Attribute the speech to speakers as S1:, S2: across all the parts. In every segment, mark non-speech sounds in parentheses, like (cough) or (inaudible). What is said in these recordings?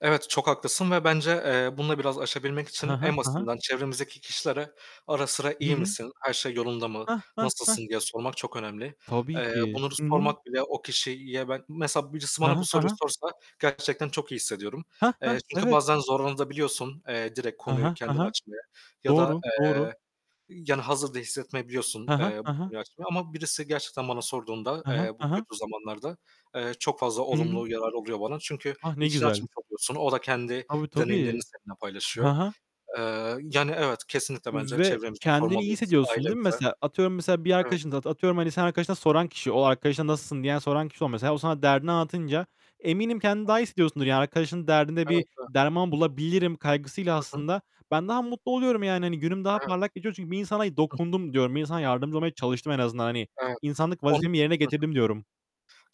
S1: Evet, çok haklısın ve bence, eee, bunu da biraz aşabilmek
S2: Hı
S1: için
S2: hı.
S1: en
S2: Hı hı.
S1: basitinden çevremizdeki kişilere, ara sıra
S2: Hı
S1: "İyi
S2: hı.
S1: misin? Her şey yolunda mı?
S2: Heh, heh, heh.
S1: Nasılsın?" diye sormak çok önemli.
S2: Tabii
S1: Eee,
S2: ki.
S1: bunları
S2: Hı hı.
S1: sormak bile o kişiyi ben mesela birisi
S2: Hı
S1: bana bu
S2: hı. Hı
S1: soruyu
S2: hı.
S1: sorsa gerçekten çok iyi hissediyorum.
S2: Heh, heh.
S1: Eee, çünkü
S2: Evet.
S1: bazen zorlanabiliyorsun da eee, direkt
S2: Hı
S1: konuyu
S2: hı. Hı
S1: kendin
S2: hı.
S1: açmayı ya da,
S2: Doğru, doğru.
S1: eee, yani hazır da hissetmeyebiliyorsun,
S2: Hı hı.
S1: eee,
S2: Hı
S1: bu
S2: hı.
S1: konuyu açmayı ama birisi gerçekten bana sorduğunda,
S2: Hı hı.
S1: eee, bu
S2: Hı hı.
S1: kötü zamanlarda, eee, çok fazla
S2: Hı hı.
S1: olumlu yararı oluyor bana çünkü
S2: Ah, ne
S1: içini
S2: güzel.
S1: açmış oluyorsun. O da kendi
S2: Tabii
S1: deneyimlerini
S2: tabii.
S1: seninle
S2: Hı
S1: paylaşıyor.
S2: hı.
S1: Eee, yani evet, kesinlikle bence
S2: Ve
S1: çevremize
S2: kendini iyi
S1: sormalıyız,
S2: hissediyorsun değil mi
S1: ailemize.
S2: mesela? Atıyorum mesela bir
S1: Evet.
S2: arkadaşına, atıyorum hani senin arkadaşına soran, o arkadaşına "Nasılsın?" diyen soran kişi ol mesela. O sana derdini anlatınca, eminim kendini daha
S1: (unintelligible)
S2: hissediyorsundur. Yani arkadaşın derdinde bir
S1: (unintelligible)
S2: derman bulabilirim kaygısıyla
S1: Hı hı.
S2: aslında ben daha mutlu oluyorum. Yani hani günüm daha
S1: Evet.
S2: parlak geçiyor. Çünkü "Bir insana
S1: Hı hı.
S2: dokundum." diyorum. Bir insana yardımcı olmaya çalıştım en azından. Hani
S1: Evet,
S2: insanlık
S1: onun
S2: vazifemi yerine
S1: Hı hı.
S2: getirdim diyorum.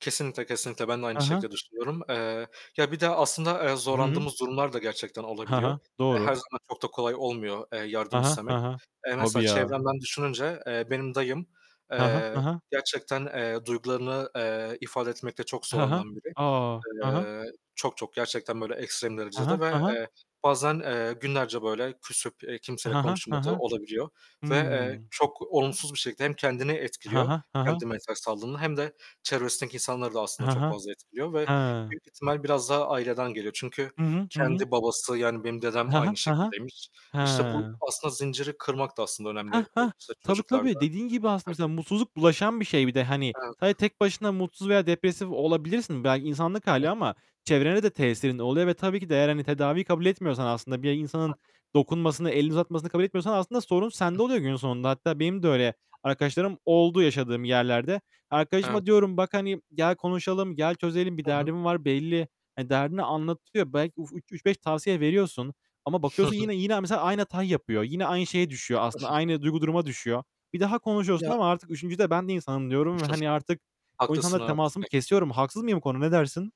S1: Kesinlikle kesinlikle, ben de aynı
S2: Hı hı.
S1: şekilde düşünüyorum. Eee, ya bir de aslında, eee,
S2: Hı hı.
S1: zorlandığımız durumlar da gerçekten
S2: Hı
S1: olabiliyor.
S2: hı.
S1: Eee, her
S2: Doğru.
S1: zaman çok da kolay olmuyor, eee,
S2: Hı
S1: yardım
S2: hı. Hı
S1: istemek.
S2: hı.
S1: Eee,
S2: Tabii
S1: mesela
S2: ya.
S1: çevremden düşününce, eee, benim dayım,
S2: Hı hı.
S1: eee,
S2: Hı hı.
S1: gerçekten, eee, duygularını, eee, ifade etmekte çok
S2: Hı hı.
S1: zorlanan biri.
S2: A! Hı hı.
S1: Eee, çok çok gerçekten böyle ekstrem
S2: Hı
S1: derecede
S2: hı. Hı
S1: ve
S2: hı.
S1: bazen, eee, günlerce böyle küsüp, eee, kimseyle
S2: Hı hı. Hı
S1: konuşmadığı
S2: hı.
S1: olabiliyor ve, eee,
S2: Hı.
S1: çok olumsuz bir şekilde hem kendini
S2: Hı
S1: etkiliyor
S2: hı. Hı hı.
S1: kendine ters kaldığında, hem de çevresindeki insanları da aslında
S2: Hı
S1: çok
S2: hı.
S1: fazla etkiliyor ve
S2: He.
S1: büyük ihtimal biraz daha aileden geliyor çünkü
S2: Hı hı. Hı hı.
S1: kendi babası, yani benim dedem
S2: He he.
S1: aynı
S2: He he.
S1: şekildeymiş.
S2: He.
S1: İşte bu aslında zinciri kırmak da aslında
S2: Heh,
S1: önemli
S2: heh,
S1: işte
S2: tabii
S1: çocuklar da
S2: tabii. Dediğin gibi aslında mesela
S1: herkes.
S2: mutsuzluk bulaşan bir şey bir de. Hani sadece
S1: Evet.
S2: tek başına mutsuz veya depresif olabilirsin. Belki insanlık hâli ama çevrene de tesirin oluyor ve tabii ki de eğer hani tedaviyi kabul etmiyorsan aslında bir
S1: Hı
S2: insanın
S1: hı.
S2: dokunmasını, elini uzatmasını kabul etmiyorsan aslında sorun sende oluyor günün sonunda. Hatta benim de öyle arkadaşlarım oldu yaşadığım yerlerde. Arkadaşıma
S1: Evet.
S2: diyorum; "Bak, hani, gel konuşalım, gel çözelim. Bir
S1: Hı hı.
S2: derdin var belli." Hani derdini anlatıyor, belki ü üç beş tavsiye veriyorsun Ama
S1: Hı
S2: bakıyorsun
S1: hı.
S2: yine yine, mesela aynı hatayı yapıyor. Yine aynı şeye düşüyor aslında,
S1: (giggles)
S2: aynı duygu duruma düşüyor. Bir daha konuşuyorsun
S1: Ya
S2: ama artık 3'üncüde "Ben de insanım." diyorum ve
S1: (giggles)
S2: hani artık o
S1: Haklısın
S2: insanla temasımı
S1: evet. (unintelligible)
S2: kesiyorum. Haksız mıyım bu konuda? Ne dersin?